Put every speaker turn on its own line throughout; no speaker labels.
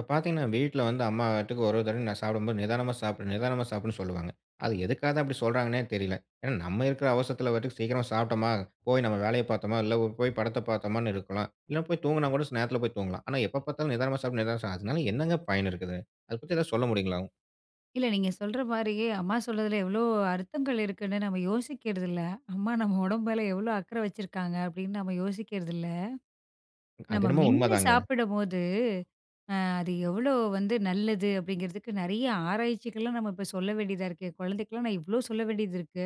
இப்போ பாத்தீங்கன்னா வீட்ல வந்து அம்மா பாட்டுக்கு ஒவ்வொரு தடவை நான் சாப்பிடும்போது, நிதானமா சாப்பிடு நிதானமா சாப்பிடுன்னு சொல்லுவாங்க. அது எதுக்காகதான் அப்படி சொல்றாங்கன்னே தெரியல. ஏன்னா, நம்ம இருக்குற அவசரத்துல பாட்டுக்கு சீக்கிரமா சாப்பிட்டமா, போய் நம்ம வேலைய பார்த்தமா, இல்ல போ போய் படத்த பார்த்தமான்னு இருக்கலாம். இல்ல போய் தூங்குனா கூட, ச் நேரத்துல போய் தூங்கலாம். ஆனா எப்ப பார்த்தாலும், "நிதானமா சாப்பிடு நிதானமா சாப்" அதுனால என்னங்க பயன் இருக்குது? அது பத்தி ஏதாவது சொல்ல முடியுங்களா?
இல்ல நீங்கச் சொல்ற மாரி, அம்மா சொல்றதுல எவ்ளோ அர்த்தங்கள் இருக்குன்னு நம்ம யோசிக்கிறது இல்ல. அம்மா நம்ம உடம்புல எவ்ளோ அக்கறை வச்சிருக்காங்க அப்படின்னு நாம யோசிக்கிறது இல்ல.
அது
நம்ம
என்னமோ
மென்னு
உண்மதாங்க.
சாப்பிடம்போது அ அது எவ்வளோ வந்து நல்லது அப்படிங்கறதுக்கு நிறைய ஆராய்ச்சிகள்லாம் நம்ம இப்ப சொல்லவேண்டியதா இருக்கு. குழந்தைகளுக்குலாம் நான் எவ்வளோ சொல்லவேண்டியது இருக்கு.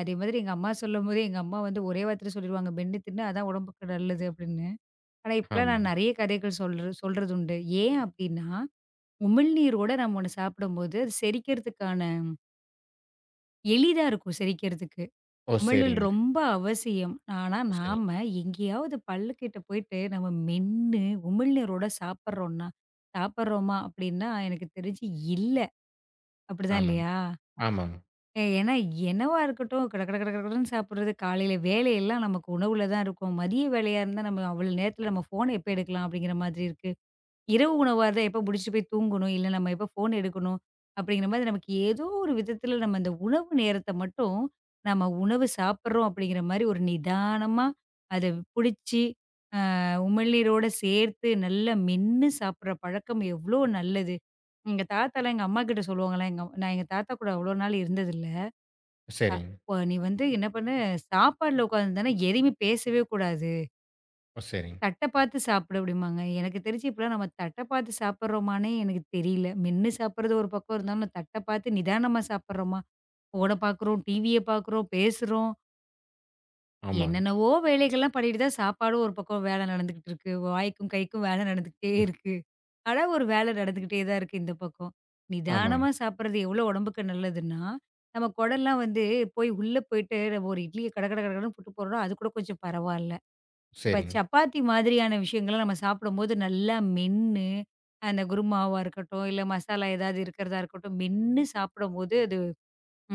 அதே மாதிரி எங்க அம்மா சொல்லும்போது எங்க அம்மா வந்து ஒரே வார்த்தையில சொல்லிருவாங்க. "மென்னு தின்னு. அதான் உடம்புக்கு நல்லது." அப்படின்னு. ஆனா இப்ப
ஆமா.
நான் நிறைய கதைகள் சொல்ற சொல்றதுண்டு. ஏன் அப்படின்னா உமிழ்நீரோட நாம ஒண்ணு சாப்பிடும்போது செரிக்கறதுக்கான எளிதா இருக்கும் செரிக்கறதுக்கு. உமிழ்நீர்
ஓ!சரிங்க.
ரொம்ப அவசியம். ஆனா
ஓ! சரிங்
நாம எங்கையாவது பல்ல கிட்ட போயிட்டு, நாம மென்னு உமிழ்நீரோட சாப்பிடுறோம்னா சாப்பிடுறோமா அப்படின்னா, எனக்குத் தெரிஞ்சு இல்ல. அப்படிதான்
ஆமாங்க,
இல்லையா?
ஆமாங்க.
ஏ ஏன்னா என்னவா இருக்கட்டும். கடகட கடகடன்னு சாப்பிடறது காலையில வேலையெல்லாம் நமக்கு உணவுல தான் இருக்கும். மதிய வேலையா இருந்தா, நம்ம அவ்ளோ நேரத்துல நம்ம போன எப்ப எடுக்கலாம் அப்படிங்கிற மாதிரி இருக்கு. இரவு உணவா இருந்தா, எப்ப முடிச்சிட்டு போயி தூங்கணும்? இல்ல நம்ம எப்ப போன எடுக்கணும் அப்படிங்கற மாதிரி, நமக்கு ஏதோ ஒரு விதத்துல நம்ம அந்த உணவு நேரத்தை மட்டும், நாம உணவு சாப்பிடுறோம் அப்படிங்கற மாரி ஒரு நிதானமா அதைப் புடிச்சு, அ உமிழ்நீரோட சேர்த்து நல்லா மென்னு சாப்பிடுற பழக்கம் எவ்ளோ நல்லது. எங்க தாத்தாலாம் எங்க அம்மா கிட்ட சொல்லுவாங்கலாம். எங்க நான் தாத்தா கூட அவ்ளோ நாள் இருந்தது இல்ல. அ
சரிங்க.
இப்ப நீ வந்து என்ன பண்ணு, சாப்பாட்டுல உக்காந்திருந்தேனா எதுமே பேசவே கூடாது.
ஓ, சரிங்.
தட்டப் பாத்துச் சாப்புடு அப்படிம்பாங்க. எனக்குத் தெரிஞ்சு இப்பலாம் நாம தட்டப் பாத்து சாப்பிடுறோமானே எனக்குத் தெரியல. மென்னு சாப்பிடுறது ஒரு பக்கம் இருந்தாலும் தட்டப் பாத்து நிதானமா சாப்பிடுறோமா? ஃபோன பாக்குறோம். டிவிய பாக்குறோம், பேசுறோம்.
ஆமாங்.
என்னென்னவோ வேலைகள் எல்லாம் பண்ணிட்டு தான் சாப்பாடும் ஒரு பக்கம் வேலை நடந்துகிட்டு இருக்கு. வாய்க்கும் கைக்கும் வேலை நடந்துகிட்டே
ம்ஹ்
இருக்கு. ஆனா, ஒரு வேல நடந்துகிட்டே தான் இருக்கு இந்தப் பக்கம். நிதானமா
ஆமாங்க.
சாப்பிடுறது எவ்ளோ உடம்புக்கு நல்லதுன்னா, நம்ம குடல்லாம் வந்து போய் உள்ளே போயிட்டு ஒரு இட்லிய கட கட கட கடன்னு புட்டுப் போடுறோம். அது கூடக் கொஞ்சம் பரவாயில்ல. இப்ப
சரிங்க.
சப்பாத்தி மாதிரியான விஷயங்கள நாம சாப்பிடும்போது நல்லா மென்னு அந்தக் குருமாவா இருக்கட்டும், இல்ல மசாலா ஏதாவது இருக்கறதா இருக்கட்டும். மென்னு சாப்பிடும்போது அது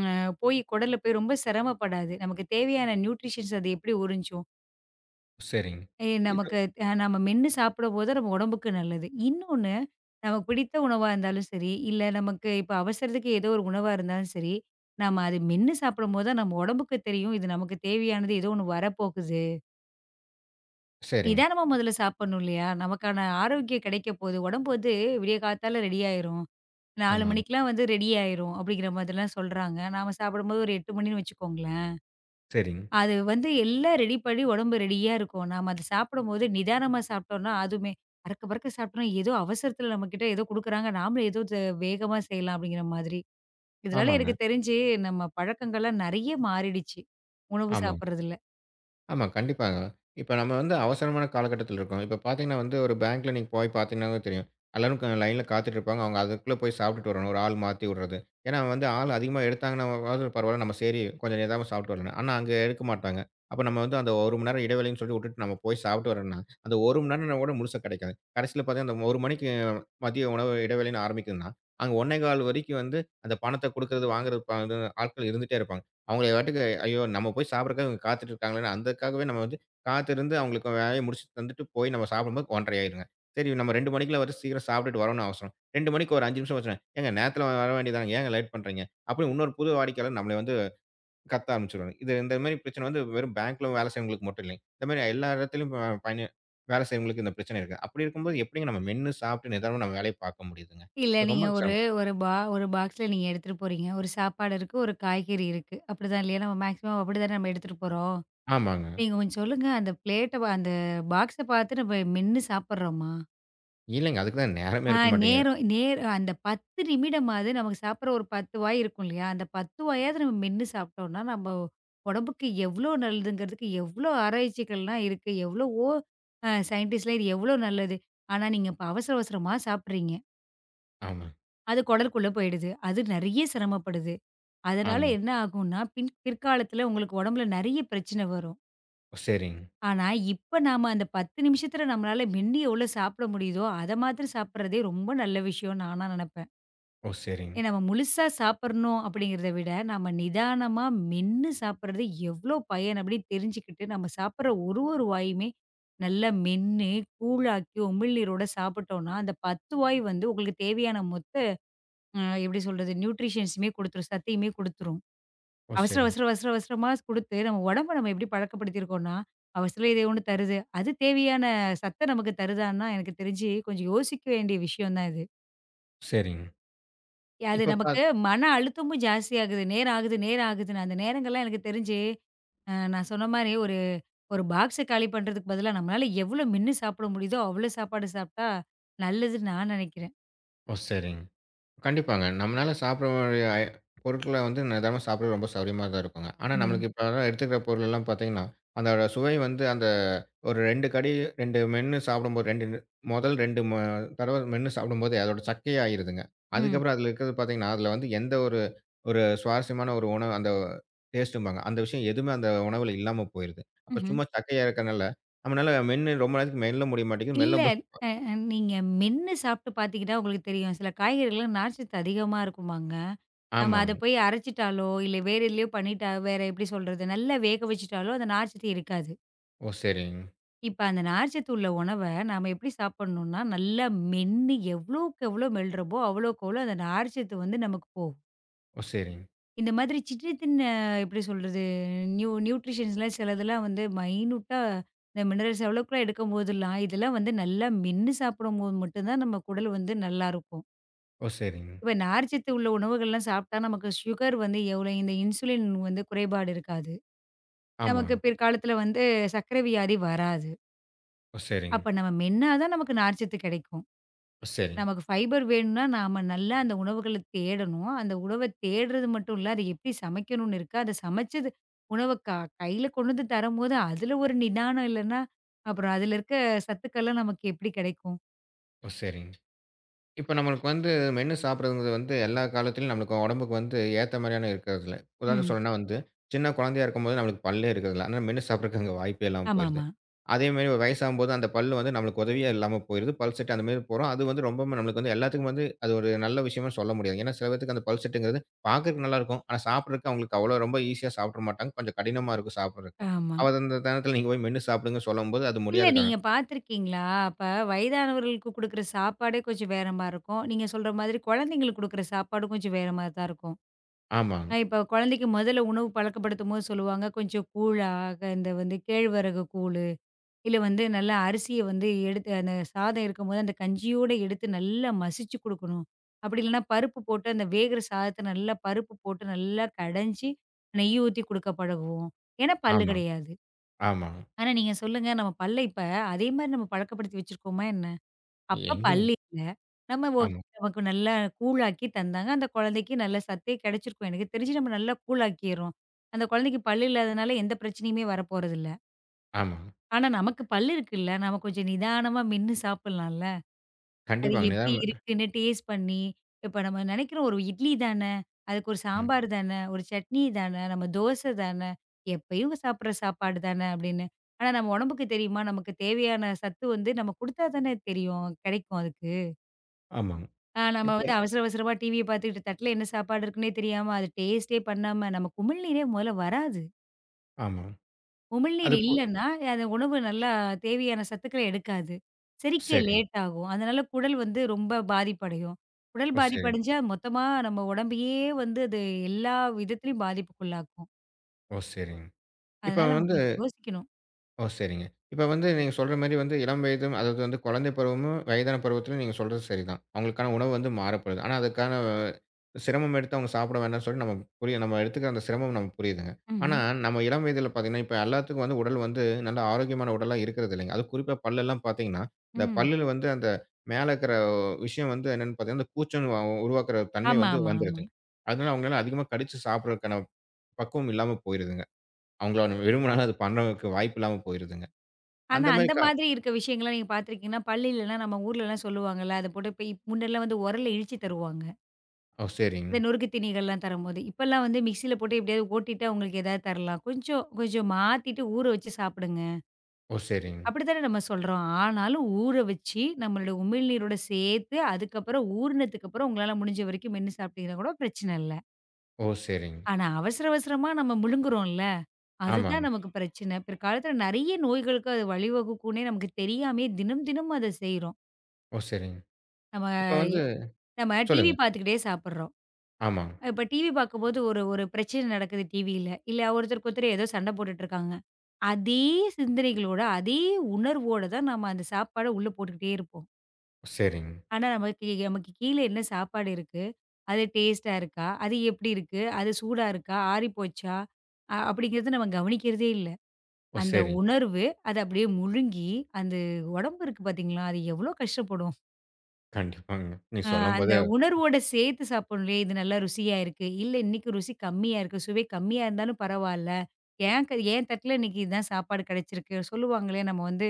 அ போய் குடல்ல போய் ரொம்ப சிரமப்படாது. நமக்குத் தேவையான நியூட்ரிஷ்யன் அது எப்டி உறிஞ்சும்? ஏன்
சரிங்க.
நமக்கு நாம மென்னு சாப்பிடும்போது நம்ம உடம்புக்கு நல்லது. இன்னொன்னு, நமக்குப் பிடித்த உணவா இருந்தாலும் சரி. இல்ல நமக்கு இப்ப அவசரத்துக்கு ஏதோ ஒரு உணவா இருந்தாலும் சரி. நாம அதை மென்னு சாப்பிடும்போதுதான் நம்ம உடம்புக்கு தெரியும். இது நமக்குத் தேவையானது ஏதோ ஒண்ணு வரப்போகுது.
சரிங்க.
நிதானமா முதல்ல சாப்பிடணும் இல்லையா? நமக்கான ஆரோக்கியம் கிடைக்கப் போகுது. உடம்பு வந்து விடியக் காத்தால ரெடி ஆயிரும். 4:00
ஆமாங்க.
மணிக்கெல்லாம் வந்து ரெடி ஆயிரும் அப்படிங்கற மாதிரிலாம் சொல்றாங்க. நாம சாப்பிடும்போது ஒரு 8:00 மணின்னு வச்சுக்கோங்களேன்.
சரிங்க.
அது வந்து எல்லாம் ரெடி பண்ணி, உடம்பு ரெடியா இருக்கும். நாம அது சாப்பிடும்போது நிதானமா சாப்பிட்டோம்னா அதுவுமே பறக்க பறக்கச் சாப்டம்னா, ஏதோ அவசரத்துல நம்மகிட்ட ஏதோ குடுக்குறாங்க. நாம ஏதோ வேகமா செய்யலாம் அப்படிங்கிற மாதிரி. இதனால
ஆமாங்க.
எனக்குத் தெரிஞ்சு நம்ம பழக்கங்கள எல்லாம் நிறைய மாறிடுச்சு, உணவு
ஆமா.
சாப்பிடுறதுல.
ஆமா, கண்டிப்பாங்க. இப்ப நம்ம வந்து அவசரமான காலகட்டத்துல இருக்கோம். இப்ப பார்த்தீங்கன்னா வந்து, ஒரு பேங்க்ல நீங்கப் போய் பார்த்தீங்கன்னாவே தெரியும். எல்லாரும் க லைன்ல காத்துட்டு இருப்பாங்க. அவங்க அதுக்குள்ள போய் சாப்பிட்டுட்டு வரணும் ஒரு ஆள் மாத்தி விடுறது. ஏன்னா வந்து, ஆள் அதிகமா எடுத்தாங்கன்னாவாது, பரவாயில்ல! நம்ம சரி கொஞ்சம் நிதானமா சாப்பிட்டு வரலாம். ஆனா அங்க எடுக்க மாட்டாங்க. அப்ப நம்ம வந்து அந்த 1 மணி நேரம்இடைவேளைன்னு சொல்லி விட்டுட்டு நம்ம போய் சாப்பிட்டு வர்றோம்னா, அந்த 1 மணி நேரம் கூட முழுசா கிடைக்காது. கடைசியில பாத்தா அந்த 1 மணிக்கு மதிய உணவு இடைவேளைன்னு ஆரம்பிக்குதுன்னா, அங்க 1 1/4 வரைக்கும் வந்து, அந்தப் பணத்தை குடுக்கறது, வாங்குறது ஆட்கள் இருந்துட்டே இருப்பாங்க. அவங்க வீட்டுக்கு, ஐயோ! நம்ம போய்ச் சாப்பிடறதுக்காக இவங்க காத்துட்டு இருக்காங்களேனு அதுக்காகவே நம்ம வந்து, காத்து இருந்து அவங்களுக்கு வேலையை முடிச்சி தந்துட்டு போய் நம்ம சாப்பிடும்போது 1.30 ஆயிடுங்க. சரி நம்ம 2 மணிக்குள்ள வந்து சீக்கிரம் சாப்பிட்டுட்டு வரணும்னு அவசியம். 2 மணிக்கு ஒரு 5 நிமிஷம் ஆச்சுன்னா, ஏங்க நேரத்துல வர வேண்டியதுதானே, ஏன்ங்க லேட் பண்றீங்க? அப்படின்னு இன்னொரு புது வாடிக்கையாளர் நம்மளை வந்து கத்த ஆரம்பிச்சிடுவாங்க இது இந்த மாதிரிப்பிரச்சனை வந்து வெறும் பேங்க்ல வேலை செய்றவங்களுக்கு மட்டுமில்லைங்க. இந்த மாதிரி எல்லா இடத்துலயும் பயன் வேலை செய்றவங்களுக்கு இந்தப் பிரச்சனை இருக்கு. அப்படி இருக்கும்போது, எப்படிங்க நம்ம மென்னு சாப்பிட்டு நிதானமா நம்ம வேலையைப் பார்க்க முடியுதுங்க?
இல்ல,
அது
நீங்க
ரொம்ப
ஒரு
சிரமம்.
ஒரு ஒரு பாக்ஸ்ல நீங்க எடுத்துட்டு போறீங்க. ஒரு சாப்பாடு இருக்கு, ஒரு காய்கறி இருக்கு. அப்படிதான் இல்லையா? நம்ம மேக்சிமம் அப்படிதானே நாம எடுத்துட்டு போறோம்.
ஆமாங்க.
நீங்கக் கொஞ்சம் சொல்லுங்க அந்த ப்ளேட்ட அந்த பாக்ஸ பாத்து நம்ம மென்னு சாப்பட்றோமா?
இல்லைங்க. அதுக்குத்தான் நேரமே
அ,
இருக்க மாட்டேங்கது
நேரம் நேர் அந்தப் 10 நிமிடமாது நமக்குச் சாப்பிடுற ஒரு 10 வாய் இருக்கும் இல்லையா? அந்தப் 10 வாயாவது நம்ம மென்னு சாப்பிட்டோம்னா நம்ம உடம்புக்கு எவ்வளவு நல்லதுங்குறதுக்கு எவ்வளவு ஆராய்ச்சிகள் எல்லாம் இருக்கு. எவ்வளவோ ஸைன்டிஸ்ட்லாம் இது எவ்வளவு நல்லது, ஆனா நீங்க அவசர அவசரமா சாப்பிடுறீங்க.
ஆமா.
அது குடலுக்குள்ள போயிடுது. அது நெறைய சிரமப்படுது. அதனால
ஆமா.
என்ன ஆகும்னா பின் பிற்காலத்துல உங்களுக்கு உடம்புல நிறைய பிரச்சன வரும்.
சரிங்க.
ஆனா இப்ப நாம அந்தப் 10 நிமிஷத்துல நம்மளால மென்னு எவ்ளோ சாப்பிட முடியுதோ அத மாத்திரம் சாப்பிடுறதே ரொம்ப நல்ல விஷயம்னு நானா நனப்பேன்.
ஓ சரிங்க.
நாம முழுசா சாப்பிடணும் அப்படிங்கறத விட நாம நிதானமா மென்னு சாப்பிடுறது எவ்வளவு பயன் அப்படி தெரிஞ்சுக்கிட்டு நாம சாப்பிடுற ஒரு, ஒரு வாயுமே நல்லா மென்னு கூழ் ஆக்கி உமிழ்நீரோட சாப்பிட்டோம்னா அந்தப் 10 வாய் வந்து உங்களுக்குத் தேவையான மொத்த அ எப்படி சொல்றது ந்யூட்ரிஷன்ஸ்மே கொடுத்துரும் சத்தயுமே கொடுத்துரும்.
ஓ
அவசர
சரி.
அவசர அவசர அவசரமா குடுத்து நம்ம உடம்ப நம்ம எப்படி பழக்கப்படுத்தி இருக்கோனா, அவசரம் ஏதோ ஒண்ணு தருது. அது தேவையான சத்த நமக்குத் தருதானா எனக்குத் தெரிஞ்சு கொஞ்சம் யோசிக்க வேண்டிய விஷயம் தான் இது.
சரிங்.
அது
இப்ப
நமக்கு
பாத்
மன அழுத்தமும் ஜாஸ்தியா இருக்கு. நேரம் ஆகுது, நேரம் ஆகுதுன்னு அந்த நேரங்கள்லாம் எனக்குத் தெரிஞ்சு, அ நான் சொன்ன மாதிரி ஒரு ஒரு பாக்ஸ் காலி பண்ணுறதுக்குப் பதிலா, நம்மளால எவ்வளோ மென்னு சாப்பிட முடியுதோ அவ்வளோ சாப்பாடு சாப்பிட்டா நல்லதுன்னு நான் நினைக்கிறேன்.
ஓ, சரிங்க. கண்டிப்பாங்க. நம்மளால சாப்பிடற பொருள்களை வந்து நிதானமா சாப்பிட ரொம்ப சௌகரியமாத்தான் இருக்கும். ஆனா,
ம்.
நமக்கு இப்ப எடுத்துக்கிற பொருள்லாம் பார்த்தீங்கன்னா, அந்த சுவை வந்து அந்த ஒரு ரெண்டு கடி, ரெண்டு மென்னு சாப்பிடும்போது, முதல் ரெண்டு தடவை மென்னு சாப்பிடும்போதே அதோட சக்கையா ஆயிடுதுங்க.
ம்.
அதுக்கப்புறம் அதுல இருக்கிறது பார்த்தீங்கன்னா, அதுல வந்து எந்த ஒரு சுவாரஸ்யமான டேஸ்ட்டும் பாங்க, அந்த விஷயம் எதுவுமே அந்த உணவில் இல்லாம போயிடுது. அப்போ
ம்ஹ்ம்.
சும்மா சக்கையா இருக்கறதுனால நம்மளால மென்னு ரொம்ப நேரத்துக்கு மெல்ல முடிய மாட்டேங்குது.
இல்ல,
மெல்லும்போது
அ அ நீங்க மென்னு சாப்பிட்டுப் பார்த்துக்கிட்டா உங்களுக்கே தெரியும். சில காய்கறிலாம் நார்ச்சத்து அதிகமா இருக்குமாங்க. நாம அதை
ஆமாங்.
போய் அரைச்சுட்டாலோ இல்ல வேற எதுலயோ பண்ணிட்டா வேற எப்படி சொல்றது, நல்லா வேக வச்சிட்டாலும் அந்த நார்ச்சத்து இருக்காது.
ஓ சரி.
இப்ப அந்த நார்ச்சத்து உள்ள உணவை நாம எப்படி சாப்பிடணும்னா, நல்லா மென்னு எவ்வளவுக்கு எவ்வளவு மெல்லுறமோ அவ்வளவு அந்த நார்ச்சத்து வந்து நமக்குப் போகுது.
ஓ, சரிங்.
இந்த மாதிரி சிற்றிதின் எப்படி சொல்றது? நியூ நியூட்ரிஷன்லாம் சிலதெல்லாம் வந்து மைனுட்டா மினெரல்ஸ் அளவுக்குலாம் எடுக்கும்போதெல்லாம், இதெல்லாம் வந்து நல்லா மென்னு சாப்பிடும்போது மட்டும் தான் நம்ம உடல் வந்து நல்லா இருக்கும்.
ஓ, சரிங்.
இப்ப நார்சத்து உள்ள உணவுகள் எல்லாம் சாப்பிட்டா நமக்கு சுகர் வந்து எவ்வளவு இந்த இன்சுலின் வந்து குறைபாடு இருக்காது. நமக்கு
ஆமாங்.
பிற்காலத்துல வந்து சர்க்கரை வியாதி வராது.
ஓ, சரிங்.
அப்ப நம்ம மென்னா தான் நமக்கு நார்சத்து கெடைக்கும்.
சரி.
நமக்கு பைபர் வேணுனா, நாம நல்லா அந்த உணவுகளைத் தேடணும். அந்த உணவைத் தேடுறது மட்டும் இல்ல. அதை எப்படி சமைக்கணும்னு இருக்கு. அதைச் சமைச்சது உணவ க கைல கொண்டு வந்து தரும்போது, அதுல ஒரு நிதானம் இல்லன்னா, அப்புறம் அதுல இருக்க சத்துக்கள்லாம் நமக்கு எப்படி கெடைக்கும்?
ஓ, சரிங். இப்ப நம்மளுக்கு வந்து மென்னு சாப்பிடுறது வந்து எல்லா காலத்திலும் நம்மளுக்கு உடம்புக்கு வந்து ஏத்த மாதிரியான இருக்குறதுல்ல. உதாரணத்துக்குச்
ம்.
சொல்றதுன்னா வந்து, சின்னக் குழந்தையா இருக்கும்போது நம்மளுக்குப் பல்லே இருக்குறதுல்ல, அதுனால, மென்னு சாப்பிடுறதுக்கு அங்க வாய்ப்பே இல்லாம போயிடுது.
ஆமாமா.
அதே மாதிரி வயசாகும் போது, அந்தப் பல்லு வந்து நமக்கு உதவியா இல்லாம போயிடுது. பல் செட்டு அந்த மாதிரி போறோம். அது வந்து ரொம்பவுமே நமக்கு எல்லாத்துக்கும் வந்து அது ஒரு நல்ல விஷயமா சொல்ல முடியாது. ஏன்னா, சில பேத்துக்கு அந்தப் பல் செட்டுங்கறது, பாக்கறதுக்கு நல்லா இருக்கும். ஆனா சாப்பிடுறதுக்கு அவங்களுக்கு அவ்வளவு ரொம்ப ஈஸியா சாப்பிட்டுற மாட்டாங்க. கொஞ்சம் கடினமா இருக்கு சாப்பிடுறதுக்கு.
ஆமா.
அது அந்த நேரத்துல நீங்கப் போய் மென்னு சாப்பிடுங்கன்னு சொல்லும்போது, அது
இல்ல,
முடியாத காரணம்.
நீங்கப் பார்த்துருக்கீங்களா? அப்ப வயதானவர்களுக்குக் குடுக்கிற சாப்பாடே கொஞ்சம் வேறமாரி இருக்கும். நீங்கச் சொல்ற மாதிரி, குழந்தைகளுக்குக் குடுக்கிற சாப்பாடும் கொஞ்சம் வேறமாதிரி தான் இருக்கும்.
ஆமாங்க.
அ இப்ப குழந்தைக்கு முதல்ல உணவு பழக்கப்படுத்தும் போது சொல்லுவாங்க, கொஞ்சம் கூழா இந்த வந்து கேழ்வரகு கூழு, இல்ல வந்து நல்ல அரிசிய வந்து எடுத்து, அந்தச் சாதம் இருக்கும்போது அந்தக் கஞ்சியோடு எடுத்து, நல்லா மசிச்சு குடுக்கணும். அப்படி இல்லனா பருப்பு போட்டு அந்த வேகுற சாதத்தை நல்லா பருப்பு போட்டு, நல்லா கடைஞ்சு நெய் ஊத்தி குடுக்க பழகுவோம். ஏன்னா, பல்லு
ஆமா,
கிடையாது.
ஆமா.
ஆனா நீங்கச் சொல்லுங்க! நம்ம பல்லை இப்ப அதே மாதிரி நம்ம பழக்கப்படுத்தி வச்சிருக்கோமா என்ன? அப்பப்
எங்கங்க?
பல் இல்ல. நம்ம
ஆமா.
நமக்கு நல்லா கூழாக்கி தந்தாங்க. அந்தக் குழந்தைக்கு நல்லா சத்தே கிடைச்சுருக்கும். எனக்குத் தெரிஞ்சு நம்ம நல்லா கூழாக்கிர்றோம். அந்தக் குழந்தைக்குப் பல் இல்லாததுனால, எந்தப் பிரச்சனையும் வரப்போறது இல்ல.
ஆமாங்.
ஆனா, நமக்குப் பல் இருக்குல்ல. நம்ம கொஞ்சம் நிதானமா மென்னு சாப்பிடுலாம்ல. அது
கண்டிப்பாங்க,
எப்படி
நிதம்!
இருக்குன்னு டேஸ்ட் பண்ணி, இப்ப நம்ம நெனைக்கிறோம் ஒரு இட்லி தான. அதுக்கு ஒரு
ம்.
சாம்பார் தான, ஒரு சட்னி தான, நம்ம தோசை தான, எப்பயும் சாப்பிடுற சாப்பாடு தான அப்படின்னு. ஆனா நம்ம உடம்புக்கு தெரியுமா? நமக்குத் தேவையான சத்து வந்து நம்ம குடுத்தாத்தானே தெரியும் கெடைக்கும் அதுக்கு.
ஆமாங்க.
ஆ நாம
இப்ப
வந்து அவசர, அவசரமா டிவிய பாத்துட்டு தட்டுல என்ன சாப்பாடு இருக்குனே தெரியாம, அதை டேஸ்ட் பண்ணாம நமக்கு உமிழ்நீரே மொதல்ல வராது.
ஆமாங்,
உமிழ் நீர்
அது போதும்.
இல்லன்னா, அந்த உணவு நல்லா தேவையான சத்துக்களை எடுக்காது. செரிக்க
சேரிங்க.
லேட் ஆகும். அதனால குடல் வந்து ரொம்ப பாதிப்படையும். குடல்
ஓ
பாதிப்பு
சேரிங்க.
அடைஞ்சா மொத்தமா நம்ம உடம்பேயே வந்து, அது எல்லா விதத்திலயும் பாதிப்புக்குள்ளாகும்.
ஓ சேரிங். இப்ப
அதுனால, நாம
வந்து
கொஞ்சம் யோசிக்கணும்.
ஓ சேரிங்க. இப்ப வந்து, நீங்கச் சொல்ற மாதிரி வந்து இளம் வயதும் அதாவது குழந்தை பருவமும் வயதான பருவத்துலயும் நீங்கச் சொல்றது சரிதான். அவங்களுக்கான உணவு வந்து மாற வேண்டும். அதுக்கான சிரமம் எடுத்து அவங்க சாப்பிட வேண்டாம்ன்னு சொல்லி நம்ம புரிய நம்ம எடுத்துக்கிற சிரமம் நம்ம புரியுதுங்க. ஆனா
ம்ஹ்ம்.
நம்ம இளம் வயதில பாத்தீங்கன்னா, இப்ப எல்லாத்துக்கும் உடல் வந்து நல்ல ஆரோக்கியமான உடலா இருக்கறது இல்லை. அதும் குறிப்பா பல் எல்லாம் பாத்தீங்கன்னா அந்தப்
ம்.
பல்லுல வந்து அந்த மேல இருக்கிற விஷயம் வந்து என்னன்னு பாத்தீங்கன்னா கூச்சம் உருவாக்குற தன்மை
ஆமா,
வந்து
ஆமா, ஆமா.
வந்துடுது. அதுனால அவங்கலால அதிகமா கடிச்சு சாப்பிடுற பக்குவம் இல்லாம போயிருதுங்க. அவங்க வேணும்னாலும் அத பண்றதுக்கு வாய்ப்பு இல்லாம போயிருதுங்க.
ஆனா,
அந்த மெரி
அந்த
கா
மாதிரி இருக்க விஷயங்கள்லாம் நீங்கப் பாத்துருக்கீங்கலா, பல் இல்லனா, நம்ம ஊர்ல எல்லாம் சொல்லுவாங்கல? அதைப் போட்டு முன்னெல்லாம் உரல்ல இடிச்சு தருவாங்க.
ஓ!
அந்த
சேரிங்க.
நொறுக்குத்தினிகள் எல்லாம் தரும்போது, இப்ப எல்லாம் வந்து மிக்ஸி யில போட்டு எப்படியாவது ஓட்டிட்டு உங்களுக்கு ஏதாவது தரலாம். கொஞ்சம் கொஞ்சம் மாத்திட்டு ஊற வச்சு சாப்பிடுங்க
ஓ! சேரிங்க.
அப்படிதானே நாம சொல்றோம். ஆனாலும் ஊற வச்சு நம்மளோட உமிழ்நீரோடு சேர்த்து அதுக்கப்புறம் ஊறினத்துக்கு அப்புறம் உங்களால முடிஞ்ச வரைக்கும் மென்னு சாப்பிட்டிங்கனாக்கூட பிரச்சனை இல்ல.
ஓ! சேரிங்க.
ஆனா அவசர அவசரமா நாம முழுங்குறோம்ல, அது
ஆமாங்க.
தான் நமக்குப் பிரச்சனை, பிற்காலத்துல நிறைய நோய்களுக்கு அது வழி வகுக்கும்னே நமக்குத் தெரியாமயே தினம் தினம் அதைச் செய்றோம்.
ஓ! சேரிங்க.
நாம
இப்ப வந்து
நாம டிவி
சொல்லுங்க.
பாத்துக்கிட்டே சாப்பிடுறோம்.அ
ஆமாங்க.
இப்ப டிவி பாக்கும்போது ஒரு ஒரு பிரச்சனை நடக்குது டிவில்ல. இல்ல ஒருத்தருக்கு ஒருத்தர் ஏதோ சண்டை போட்டுட்டு இருக்காங்க. அதே சிந்தனைகளோட அதே உணர்வோடு தான் நாம அந்தச் சாப்பாட உள்ள போட்டுக்கிட்டே இருப்போம்.
சேரிங்க.
ஆனா நமக்குக் கீழ என்ன சாப்பாடு இருக்கு, அது டேஸ்டா இருக்கா, அது எப்படி இருக்கு, அது சூடா இருக்கா, ஆறிப்போச்சா அ அப்டிங்கிறதை நாம கவனிக்கிறதே இல்ல.
ஓ!
அந்த
சேரிங்க.
உணர்வு அத அப்படியே முழுங்கி அந்த உடம்பு இருக்கு பாத்தீங்களா, அது எவ்வளவு கஷ்டப்படும்.
கண்டிப்பாங்க, நீ
அ அந்த
சொல்லும்போது அத
உணர்வோடு சேர்த்துச் சாப்பிடணும். இது நல்லா ருசியா இருக்கு. இல்ல இன்னைக்கு ருசி கம்மியா இருக்கு. சுவை கம்மியா இருந்தாலும் பரவாயில்ல, ஏன் என் தட்டுல இன்னைக்கு இது தான் சாப்பாடு கிடைச்சிருக்கு சொல்லுவாங்கள? நம்ம வந்து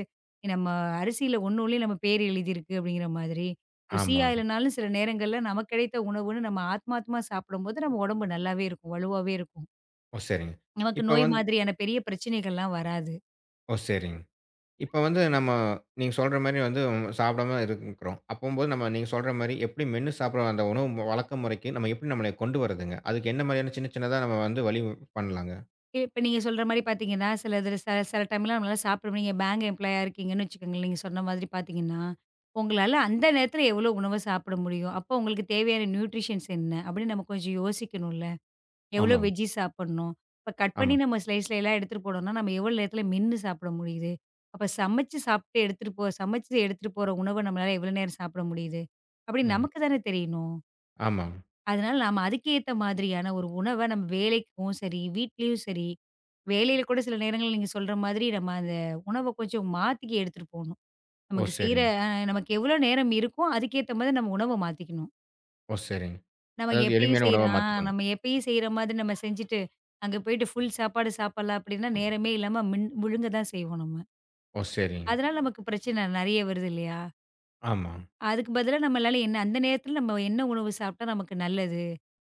நம்ம அரிசியில ஒண்னோணுல நம்ம பேர் எழுதி இருக்கு அப்டிங்கிற மாதிரி. ருசியா
ஆமாங்க.
இல்லன்னாலும் சில நேரங்கள்ல நமக்குக் கிடைத்த உணவுன்னு நம்ம ஆத்மாத்மா சாப்பிடும்போது நம்ம உடம்பு நல்லாவே இருக்கும், வலுவாவே இருக்கும்.
சரிங்க.
நமக்கு
இப்ப
நோய்
வந்து
மாதிரியான பெரிய பிரச்சனைகள்ல்லாம் வராது.
ஓ சரிங். இப்ப வந்து நம்ம நீங்கச் சொல்ற மாரி வந்து சாப்பிடாம இருக்கிறோம். அப்போம் நம்ம நீங்கச் சொல்ற மாரி எப்படி மேன்னு சாப்பிட வந்த உணவு வழக்க முறைக்கு நம்ம எப்படி நம்மள கொண்டு வர்றதுங்க. அதுக்கு என்ன மாதிரியான சின்ன சின்னதா நம்ம வந்து வழி பண்ணலாங்க.
இப்ப நீங்கச் சொல்ற மாரி பாத்தீங்கன்னா சிலது சில டைம்லாம் நம்மளால சாப்பிட முடியும். நீங்க பேங்க் எம்ப்லாயீ ஆ இருக்கீங்கன்னு வச்சுக்கோங்களேன், நீங்கச் சொன்ன மாதிரி பாத்தீங்கன்னா உங்களால அந்த நேரத்துல எவ்வளவு உணவை சாப்பிட முடியும்? அப்போ உங்களுக்குத் தேவையான ந்யூட்ரிஷன்ஸ் என்ன அப்படின்னு நம்ம கொஞ்சம் யோசிக்கணும்ல. எவ்வளவு
ஆமாங்க.
வெஜ்ஜீஸ் சாப்பிடணும்? இப்ப கட் பண்ணி
ஆமாங்.
நம்ம ஸ்லைஸ் எல்லாம் எடுத்துட்டு போணும்னா நம்ம எவ்வளவு நேரத்துல மென்னு சாப்பிட முடியுது? அப்பச் சமைச்சு சாப்பிட்டு எடுத்துட்டு போ சமைச்சு எடுத்துட்டு போற உணவ நம்மளால எவ்வளவு நேரம் சாப்பிட முடியுது? அப்படி
ம்.
நமக்குத் தானே தெரியணும்.
ஆமாங்க.
அதனால நாம அதுக்கேத்த மாதிரியான ஒரு உணவ நம்ம வேலைக்கும் சரி வீட்டிலும் சரி வேலையில கூடச் சில நேரங்கள்ல நீங்கச் சொல்ற மாதிரி நாம அந்த உணவ கொஞ்சம் மாத்திக்க எடுத்துட்டு போகணும்.
ஓ!
நமக்குச் செய்ற
சரிங்.
அ, நமக்கு எவ்வளவு நேரம் இருக்கோ அதுக்கேத்த மாதிரி நம்ம உணவ மாத்திக்கணும்.
ஓ சரிங்.
நாம
அதாவது
எப்பயும்
எளிமையான
செய்ற
உணவா
ஆ
மாத்திக்கணும்.
நாம எப்பயும் செய்ற மாதிரி நாம செஞ்சுட்டு அங்க போயிட்டு ஃபுல் சாப்பாடு சாப்பிடலாம் அப்புடீன்னா நேரமே இல்லாம மின் முழுங்கதான் செய்வோம் நம்ம.
ஓ சரிங்.
அதனால நமக்குப் பிரச்சன நெறைய வருது இல்லையா?
ஆமா.
அதுக்கு பதிலா நம்மளால என்ன அந்த நேரத்துல நம்ம என்ன உணவு சாப்பிட்டா நமக்கு நல்லது.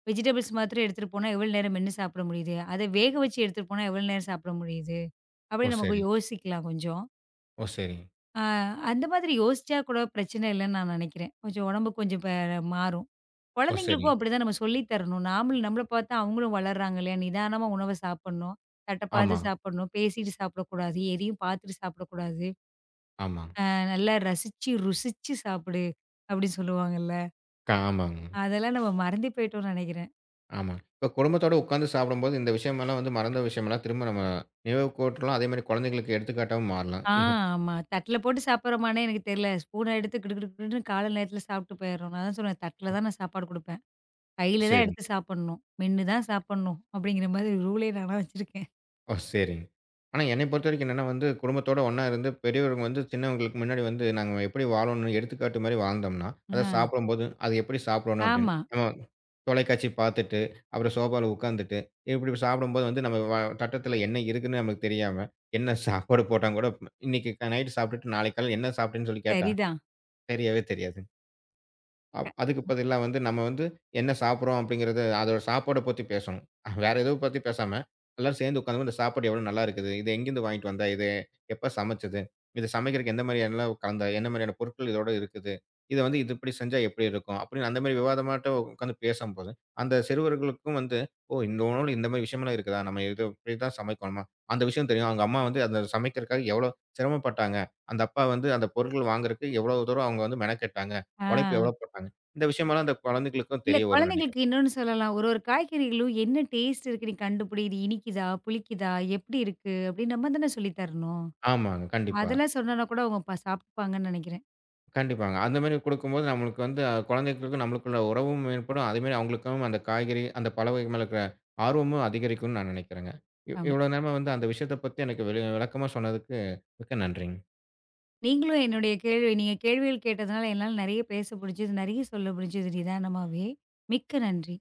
வெஜிடபிள்ஸ் மாத்திரம் எடுத்துட்டு போனா எவ்வளவு நேரம் மென்னு சாப்பிட முடியுது. அத வேக வச்சு எடுத்துட்டு போனா, எவ்வளவு நேரம் சாப்பிட முடியுது
ஓ
அப்டினு நமக்கு
சரி.
யோசிக்கலாம் கொஞ்சம்.
ஓ சரி.
அ அந்த மாதிரி யோசிச்சா கூடப் பிரச்சன இல்லன்னு நான் நெனைக்கிறேன். கொஞ்சம் உடம்பு கொஞ்சம் மாறும்.
ஓ
கொழந்தைகளுக்கும்
சரி.
அப்டி தான் நம்ம சொல்லித் தரணும். நாமள் நம்மள பாத்து அவங்களும் வளர்றாங்களே. நிதானமா உணவைச் சாப்பிடணும். தட்டப் பாத்து
ஆமா.
சாப்பிடணும். பேசிட்டு சாப்பிடக் கூடாது. எதயும் பாத்துட்டு சாப்பிடக் கூடாது.
ஆமா.
அஹ் நல்லா ரசிச்சு ருசிச்சு சாப்பிடு அப்டி சொல்லுவாங்கள்ல.
ஆமாங்க.
அதெல்லாம் நம்ம மறந்தே போயிட்டோம்னு நெனைக்கிறேன்.
ஆமா. இப்ப குடும்பத்தோட உக்காந்து சாப்பிடும்போது இந்த விஷயம் எல்லாம் வந்து மறந்த விஷயம் எல்லாம் திரும்ப நம்ம நினைவுக் கூரட்ல அதே மாதிரி கொழந்தைகளுக்கு எடுத்துக்காட்டுமா மாறலாம்.
அ ஆமா. தட்ல போட்டுச் சாப்பிறமான்னு எனக்குத் தெரியல. ஸ்பூன் எடுத்துக் கிடு கிடு கிடுன்னு காலை நேரத்துல சாப்பிட்டு போயிருறோம். நான் தான் சொல்றேன் தட்டில் தான் நான் சாப்பாடு குடுப்பேன். கையில தான்
சரி.
எடுத்துச் சாப்பிடணும். மென்னு தான் சாப்பிடணும் அப்டிங்கிற மாதிரி ரூல் -ஏ நானா வச்சிருக்கேன்.
ஓ சரி. ஆனா என்னைய பொறுத்தவரைக்கும் என்னன்னா வந்து, குடும்பத்தோட ஒண்ணா இருந்து பெரியவர்கள் வந்து சின்னவர்களுக்கு முன்னாடி வந்து நாங்க எப்டி வாழணும்னு எடுத்துக்காட்டு மாதிரி வாழ்ந்தோம்னா, அதச்
அ.
சாப்பிடும்போதும் அத எப்டிச் சாப்பிடணும் அப்டின்னு,
ஆமா.
நம்ம தொலைக்காட்சி பாத்துட்டு அப்புறம் சோபாவுல உக்காந்துட்டு இப்படி சாப்பிடும்போது, வந்து நம்ம தட்டுல என்ன இருக்குன்னு நமக்குத் தெரியாம என்ன சாப்பாடு போட்டாங்கூட இன்னைக்கு நைட் சாப்பிட்டுட்டு நாளைக்கு காலைல என்ன சாப்பிட்டேன்னு சொல்லிக் கேட்டா,
சரிதான்.
தெரியவே தெரியாது. அ அதுக்கு
[unintelligible] ம்.
பதிலா வந்து நம்ம வந்து என்ன சாப்பிடுறோம் அப்டிங்கிறது அதோட சாப்பாடப் பத்தி பேசணும். வேற எதுவும் பத்தி பேசாம எல்லாரும் சேர்ந்து உக்காந்துனு இந்த சாப்பாடு எவ்வளவு நல்லா இருக்குது, இத எங்கிருந்து வாங்கிட்டு வந்தா இது, எப்ப சமைச்சது, இத சமைக்கறதுக்கு எந்த மாதிரியான என்னல கலந்த, என்ன மாதிரியான பொருட்கள் இதோட இருக்குது, இத வந்து இப்படி செஞ்சா எப்படி இருக்கும் அப்டின்னு அந்த மாதிரி விவாதமாட்டம் உக்காந்து பேசும்போது அந்தச் சிறுவர்களுக்கும் வந்து ஓ! [unintelligible] இந்த மாதிரி விஷயம் எல்லாம் இருக்குதா, நம்ம இதை இப்டித்தான் சமைக்கணுமா அந்த விஷயம் தெரியும். அவங்க அம்மா வந்து அதச் சமைக்கிறதுக்காக எவ்வளவு சிரமம் பட்டாங்க, அந்தப்பா வந்து அந்தப் பொருட்கள் வாங்குறதுக்கு எவ்வளவு தூரம் அவங்க வந்து மெனக்கெட்டாங்க, உழைப்பு
ஆ.
எவ்வளவு போட்டாங்க இந்த விஷயம்ல்லாம் அந்தக் குழந்தைகளுக்குத்
இல்ல
தெரியவரும்ன்னு நினைக்கிறேன்.
குழந்தைகளுக்கு இன்னொன்னு சொல்லலாம், ஒரு ஒரு காய்கறிகளும் என்ன டெஸ்ட் இருக்குன்னு கண்டுபிடி? இது இனிக்குதா, புளிக்குதா, எப்படி இருக்கு அப்டி நம்ம தான சொல்லித் தரணும்.
ஆமாங்க, கண்டிப்பா.
அதெல்லாம் சொன்னனா கூட அவுங்க சாப்பிடுப்பாங்கன்னு நெனைக்கிறேன்.
கண்டிப்பாங்க அந்த மாதிரி கொடுக்கும்போது நம்மளுக்கு வந்து குழந்தைகளுக்கு நம்மளுக்குள்ள உறவும் மேம்படும். அதே மாதிரி அவங்களுக்கும் அந்தக் காய்கறி, அந்தப் பழ வகைகள் மேல இருக்கிற ஆர்வமும் அதிகரிக்கும்னு நான் நினைக்கிறேங்க.
ஆமா.
இவ்வளவு நேரமா வந்து அந்த விஷயத்தப் பத்தி எனக்கு விளக்குமா சொன்னதுக்கு மிக்க நன்றிங்க.
நீங்களும் என்னுடைய கேள்வி, நீங்கக் கேள்விகள் கேட்டதுனால என்னால நெறைய பேச முடிச்சுது, நெறைய சொல்ல முடிச்சுது நிதானமாவே, மிக்க நன்றி.